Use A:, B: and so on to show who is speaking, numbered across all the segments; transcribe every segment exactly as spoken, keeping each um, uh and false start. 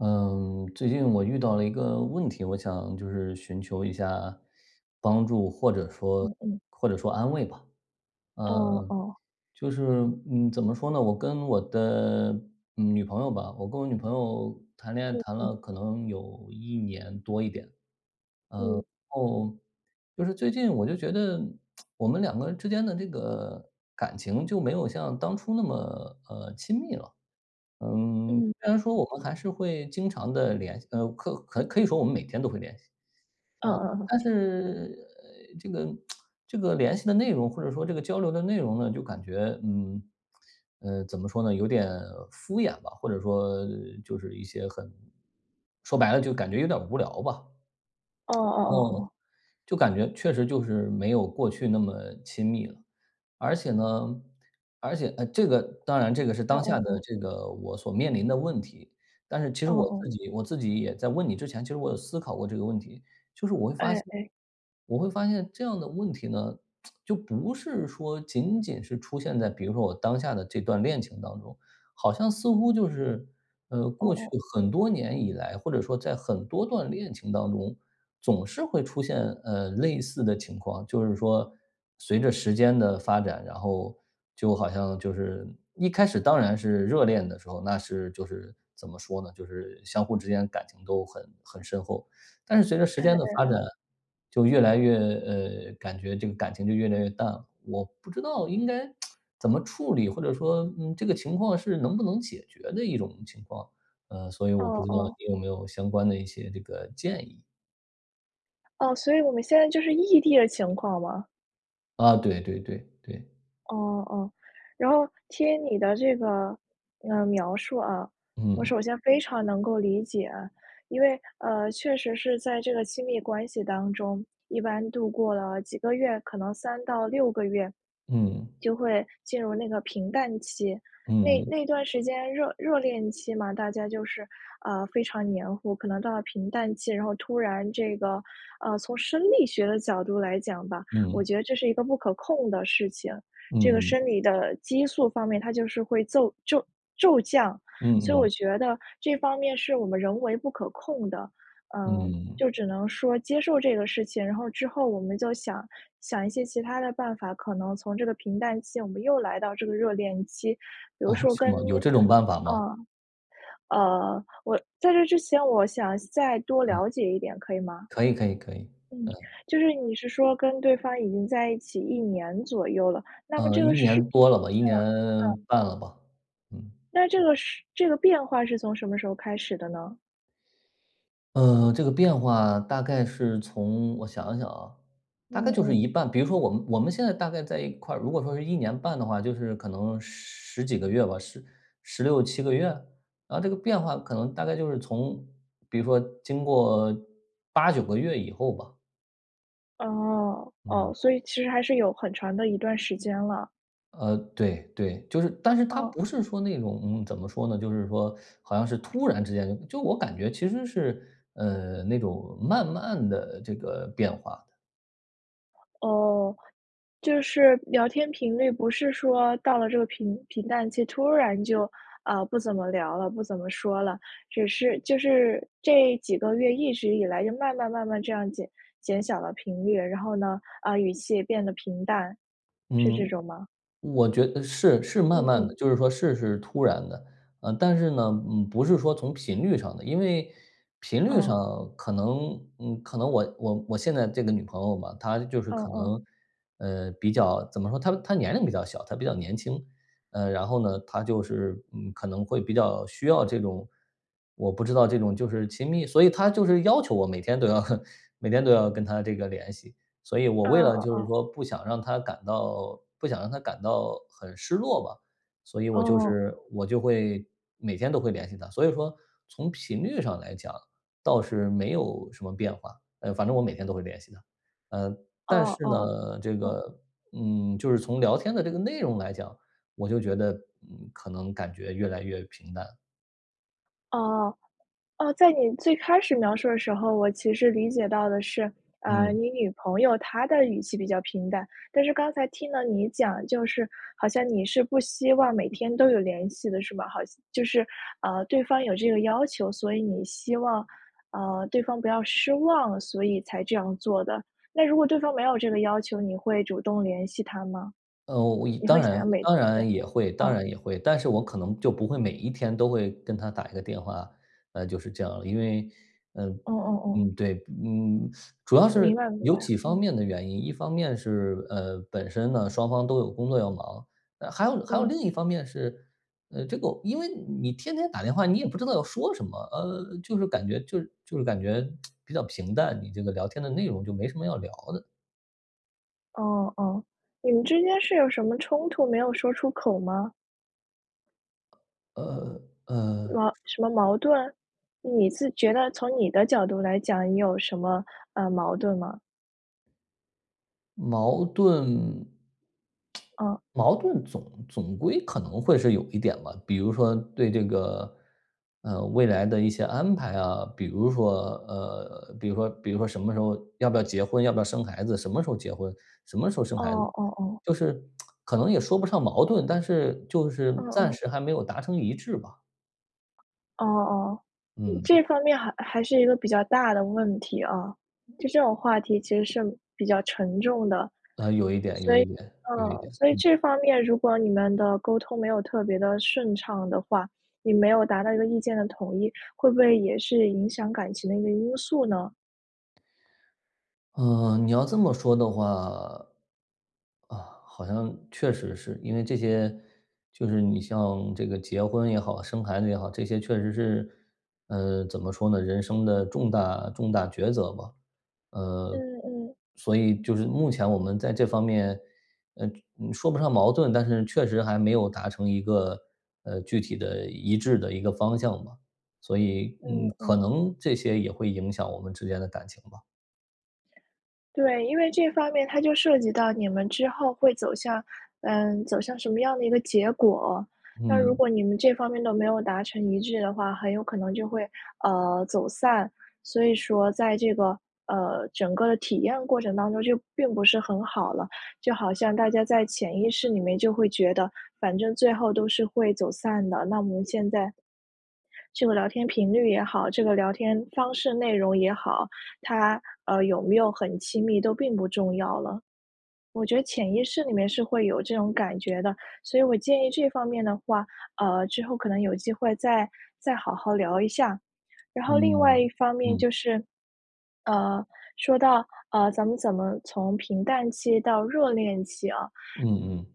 A: 嗯，最近我遇到了一个问题，我想就是寻求一下帮助，或者说
B: 嗯嗯。
A: 或者说安慰吧。
B: 嗯，
A: 嗯，
B: 哦。
A: 就是嗯，怎么说呢，我跟我的，女朋友吧我跟我女朋友谈恋爱
B: 嗯
A: 谈
B: 嗯。
A: 了可能有一年多一点。
B: 嗯。
A: 嗯，然后就是最近我就觉得 我们两个人之间的这个，感情就没有像当初那么，呃，亲密了。嗯，
B: 嗯，
A: 虽然说我
B: 嗯。
A: 们还是会经常地联系呃，客可可以说我们每天都会联系。嗯
B: 嗯嗯嗯。
A: 但是，呃，这个 这个联系的内容或者说这个交流的内容呢，就感觉，嗯，呃，怎么说呢，有点敷衍吧，或者说就是一些很说白了就感觉有点无聊吧。
B: 哦哦
A: 然
B: 哦
A: 后，
B: 哦。
A: 就感觉确实就是没有过去那么亲密了，而且呢而且呃，这个当然这个是
B: 哦
A: 当下
B: 哦
A: 的
B: 哦。
A: 这个我所面临的问题，但是其实
B: 哦
A: 我
B: 哦。
A: 自己我自己也在问你之前，其实我有思考过这个问题，就是我会发
B: 哎
A: 现
B: 哎。
A: 我会发现这样的问题呢 就不是说仅仅是出现在，比如说我当下的这段恋情当中，好像似乎就是，呃，
B: 哦
A: 过去
B: 哦。
A: 很多年以来，或者说在很多段恋情当中，总是会出现，呃，类似的情况。就是说随着时间的发展，然后就好像就是一开始当然是热恋的时候，那是就是怎么说呢，就是相互之间感情都很很深厚。但是随着时
B: 哎，嗯
A: 间的发
B: 嗯。
A: 展，就越来越呃，感觉这个感情就越来越淡了。我不知道应该 怎么处理，或者说，嗯，这个情况是能不能解决的一种情况？呃，所以
B: 哦
A: 我不知道
B: 哦。
A: 你有没有相关的一些这个建议。
B: 哦，所以我们现在就是异地的情况吗？
A: 啊，对对对，对。
B: 哦哦。然后听你的这个，呃，描述啊，我
A: 嗯。
B: 首先非常能够理解。因为，呃，确实是在这个亲密关系当中，一般度过了几个月，可能三到六个月，
A: 嗯。
B: 就会进入那个平淡期。那
A: 嗯。
B: 那段时间热热恋期嘛，大家就是，呃，非常黏糊，可能到了平淡期，然后突然这个呃，从生理学的角度来讲吧，我
A: 嗯。
B: 觉得这是一个不可控的事情。这个
A: 嗯。
B: 生理的激素方面它就是会奏骤骤降，所以
A: 嗯
B: 我
A: 嗯。
B: 觉得这方面是我们人为不可控的。呃，就
A: 嗯。
B: 只能说接受这个事情，然后之后我们就想想一些其它的办法，可能从这个平淡期，我们又来到这个热恋期。比如
A: 哦，
B: 说
A: 是
B: 跟
A: 吗？有这种办法吗？
B: 啊，呃，我在这之前我想再多
A: 嗯。
B: 了解一点，可以吗？
A: 可以可以可以，
B: 嗯，
A: 嗯。
B: 就是你是说跟对方已经在一起一年左右了，那么
A: 呃，
B: 这个
A: 一
B: 是嗯
A: 年多了吧，一年
B: 嗯。
A: 半了吧。嗯。
B: 那这个是这个变化是从什么时候开始的呢？
A: 呃，这个变化大概是从我想一想啊，大概
B: 嗯
A: 就是
B: 嗯。
A: 一半，比如说我们我们现在大概在一块儿，如果说是一年半的话，就是可能十十几个月吧，十十六七个月？然后这个变化可能大概就是从比如说经过八九个月以后吧。
B: 哦，哦，
A: 嗯。
B: 所以其实还是有很长的一段时间了。
A: 呃，对对。就是但是她
B: 嗯。
A: 不是说那种，怎么说呢，就是说 好像是突然之间就我感觉其实是，呃，那种慢慢的这个变化的。
B: 哦，就是聊天频率不是说到了这个平平淡期突然就，呃，不怎么聊了，不怎么说了。只是就是这几个月一直以来就慢慢慢慢这样减减小了频率，然后呢，呃，语气也变得平淡，是这
A: 嗯，
B: 种吗？
A: 我觉得是是慢
B: 嗯
A: 慢的，
B: 嗯。
A: 就是说事是突然的。呃，但是呢，嗯，不是说从频率上的，因为频率
B: 嗯。
A: 上可能，嗯，可能我我我现在这个女朋友嘛，她就是
B: 嗯
A: 可
B: 嗯。
A: 能，呃，比较，怎么说，她她年龄比较小，她比较年轻。呃，然后呢，她就是，嗯，可能会比较需要这种，我不知道这种就是亲密？所以她就是要求我每天都要 每天都要跟她这个联系。所以我为
B: 嗯，
A: 了
B: 哦
A: 就是
B: 哦。
A: 说不想让她感到不想让她感到很失落吧，所以我就
B: 哦。
A: 是我就会每天都会联系她。所以说从频率上来讲，倒是没有什么变化，呃，反正我每天都会联系她。呃，但
B: 哦
A: 是
B: 哦，
A: 呢，这
B: 嗯。
A: 个，嗯，就是从聊天的这个内容来讲，我就觉得，嗯，可能感觉越来越平淡。
B: 哦，哦，在你最开始描述的时候，我其实理解到的是，呃，
A: 嗯。
B: 你女朋友她的语气比较平淡。但是刚才听到你讲，就是好像你是不希望每天都有联系的是吧？好像就是，呃，对方有这个要求，所以你希望，呃，对方不要失望，所以才这样做的。那如果对方没有这个要求，你会主动联系她吗？
A: 呃，我我一
B: 你会
A: 当
B: 想要
A: 然
B: 每
A: 当
B: 天对，
A: 然也会当
B: 哦。
A: 然也会，但是我可能就不会每一天都会跟她打一个电话，呃，就是这样。因为嗯，
B: 哦哦哦。
A: 嗯，对，不嗯嗯嗯，主要是
B: 明白明白，
A: 有几方
B: 嗯。
A: 面的原因。一方面是呃，本身呢，双方都有工作要忙，呃，还有还有
B: 嗯。
A: 另一方面是，呃，这个因为你天天打电话你也不知道要说什么，呃，就是感觉就是就是感觉 比较平淡，你这个聊天的内容就没什么要聊的。
B: 哦哦，你们之间是有什么冲突没有说出口吗？
A: 呃，呃。
B: 哇什么矛盾？你自觉得从你的角度来讲，你有什么，呃，矛盾吗？
A: 矛盾
B: 哦。
A: 矛盾总总归可能会是有一点吧，比如说对这个，呃，未来的一些安排啊。比如说呃，比如说比如说什么时候要不要结婚？要不要生孩子？什么时候结婚？什么时候生
B: 哦
A: 孩子？
B: 哦哦。
A: 就是 可能也说不上矛盾，但是，就是
B: 哦
A: 暂
B: 哦。
A: 时还没有达成一致吧。
B: 哦哦，这
A: 嗯。
B: 方面还还是一个比较大的问题啊。就这种话题，其实是比较沉重的。
A: 啊，有一点有一点，
B: 所以
A: 有一
B: 呃，
A: 点，
B: 所以
A: 嗯。
B: 这方面，如果你们的沟通，没有特别的顺畅的话你没有达到一个意见的统一，会不会也是影响感情的一个因素呢？
A: 呃，你要这么说的话，啊，好像确实是。因为这些就是你像这个结婚也好，生孩子也好，这些确实是，呃，怎么说呢？人生的重大重大抉择吧。呃，
B: 嗯嗯。
A: 所以就是目前我们在这方面，呃，就说不上矛盾，但是确实还没有达成一个呃，具体的、一致的一个方向吧。所以，嗯，
B: 嗯
A: 可
B: 嗯。
A: 能这些也会影响我们之间的感情吧。
B: 对，因为这方面它就涉及到你们之后会走向呃，走向什么样的一个结果。那如
A: 嗯。
B: 果你们这方面都没有达成一致的话，很有可能就会，呃，走散。所以说在这个，呃，整个的体验过程当中就并不是很好了，就好像大家在潜意识里面就会觉得，反正最后都是会走散的。那么我们现在，这个聊天频率也好，这个聊天方式、内容也好，它，呃，有没有很亲密都并不重要了。我觉得潜意识里面是会有这种感觉的，所以我建议这方面的话，呃，之后可能有机会再再好好聊一下。然后另外一
A: 嗯，
B: 方面
A: 嗯。
B: 就是，呃，说到，呃，咱们怎么从平淡期到热恋期啊
A: 嗯嗯。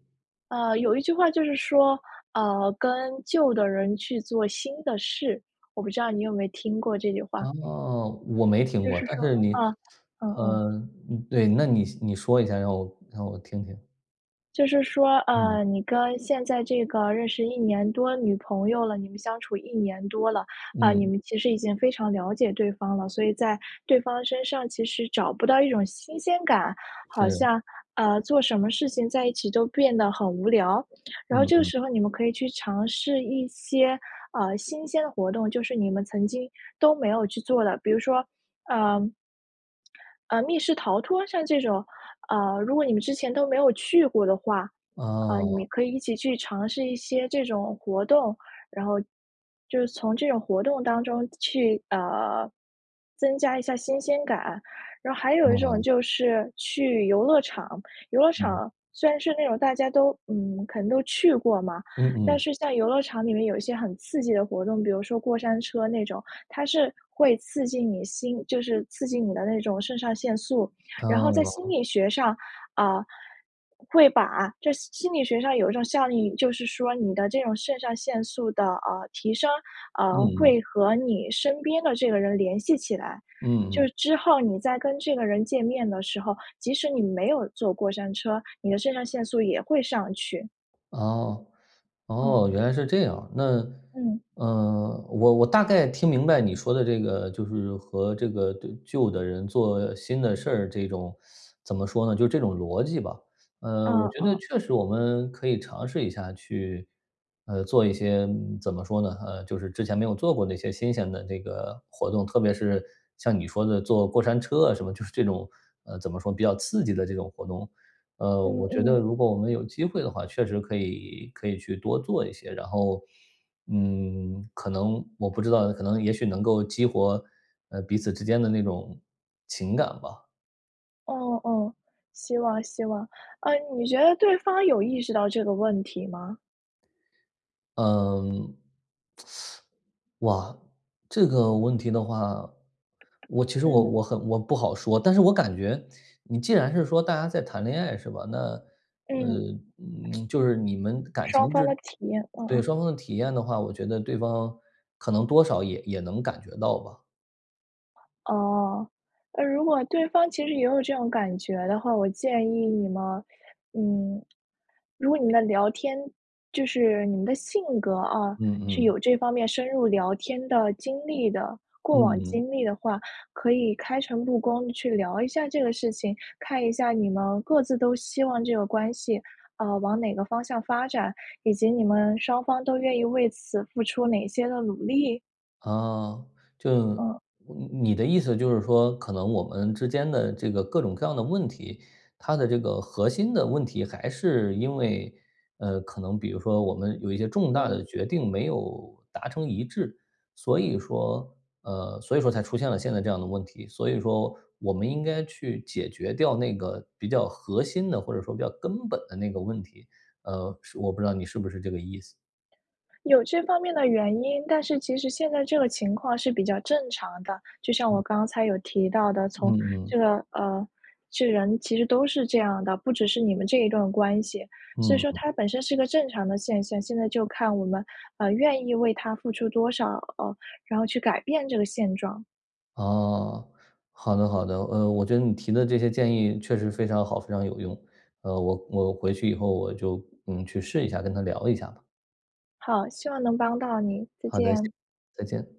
B: 呃，有一句话就是说，呃，跟旧的人去做新的事，我不知道你有没有听过这句话
A: 哦，我没听
B: 就
A: 过，
B: 是
A: 但
B: 说
A: 是你
B: 啊，嗯嗯。
A: 呃，嗯，对，那你现你说一下，让我让我听听。
B: 就是说，
A: 嗯。
B: 呃，你跟现在这个认识一年多女朋友了，你们相处一年多了。啊，你
A: 嗯。
B: 们其实已经非常了解对方了，所以在对方身上其实找不到一种新鲜感，好
A: 是。
B: 像呃，做什么事情在一起都变得很无聊。然后
A: 嗯
B: 这个
A: 嗯。
B: 时候你们可以去尝试一些，呃，新鲜的活动，就是你们曾经都没有去做的。比如说，呃，呃，密室逃脱，像这种呃，如果你们之前都没有去过的话，啊，你们
A: 哦。
B: 可以一起去尝试一些这种活动。然后，就是从这种活动当中去，呃，增加一下新鲜感。然后还有一种
A: 嗯。
B: 就是去游乐场。游乐
A: 嗯。
B: 场虽然是那种大家都嗯，可能都去过嘛，
A: 嗯
B: 但
A: 嗯。
B: 是像游乐场里面有一些很刺激的活动，比如说过山车那种，它是会刺激你心就是刺激你的那种肾上腺素。然后在心
A: 哦。
B: 理学上，啊，会把这心心理学上有一种效应，就是说你的这种肾上腺素的，呃，提升，
A: 嗯
B: 呃，
A: 嗯。
B: 会和你身边的这个人联系起来，就是
A: 嗯。
B: 之后你在跟这个人见面的时候，即使你没有坐过山车，你的肾上腺素也会上去。
A: 哦，
B: 嗯。
A: 哦。原来是这样。那
B: 嗯。
A: 呃，我我大概听明白你说的这个就是和这个对，旧的人做新的事儿，这种，怎么说呢？就是这种逻辑吧。呃，我
B: 嗯
A: 觉得
B: 嗯。
A: 确实我们可以尝试一下去，呃，做一些，嗯，怎么说呢？呃，就是之前没有做过那些新鲜的这个活动，特别是像你说的坐过山车啊什么，就是这种呃，怎么说，比较刺激的这种活动。呃，
B: 嗯
A: 我觉得
B: 嗯。
A: 如果我们有机会的话确实可以可以去多做一些，然后，嗯，可能我不知道，可能也许能够激活，呃，彼此之间的那种，情感吧。
B: 哦哦，希望希望。啊，你觉得对方有意识到这个问题吗？
A: 嗯。哇，这个问题的话，我其实我
B: 嗯。
A: 我很我不好说。但是我感觉，你既然是说，大家在谈恋爱是吧？那，呃
B: 嗯。
A: 嗯，就是你们感情
B: 双方
A: 就
B: 的
A: 是
B: 体验，嗯
A: 对，
B: 嗯。
A: 双方的体验的话，我觉得对方可能多少也也能感觉到吧。
B: 哦，那如果对方其实也有这种感觉的话，我建议你们嗯，如果你们的聊天就是你们的性格啊，
A: 嗯
B: 是
A: 嗯。
B: 有这方面深入聊天的经历的，过往
A: 嗯。
B: 经历的话，可以开诚布公去聊一下这个事情，看一下你们各自都希望这个关系，啊，往哪个方向发展，以及你们双方都愿意为此付出哪些的努力？
A: 哦，就
B: 嗯。
A: 你你的意思就是说，可能我们之间的这个各种各样的问题，它的这个核心的问题还是因为，呃，可能比如说我们有一些重大
B: 嗯。
A: 的决定没有达成一致。所以说呃，所以说才出现了现在这样的问题，所以说我们应该去解决掉那个比较核心的，或者说比较根本的那个问题，呃，是我不知道你是不是这个意思。
B: 有这方面的原因，但是其实现在这个情况是比较正常的。就像我
A: 嗯。
B: 刚才有提到的，从这
A: 嗯。
B: 个呃，这人其实都是这样的，不只是你们这一段关系，所以
A: 嗯
B: 说
A: 嗯。
B: 它本身是一个正常的现象。现在就看我们，呃，愿意为它付出多少呃，然后去改变这个现状。
A: 哦，好的好的。呃，我觉得你提的这些建议确实非常好、非常有用。呃，我我回去以后我就嗯，去试一下，跟她聊一下吧。
B: 好，希望能帮到你，再
A: 好的，谢
B: 见。
A: 再见。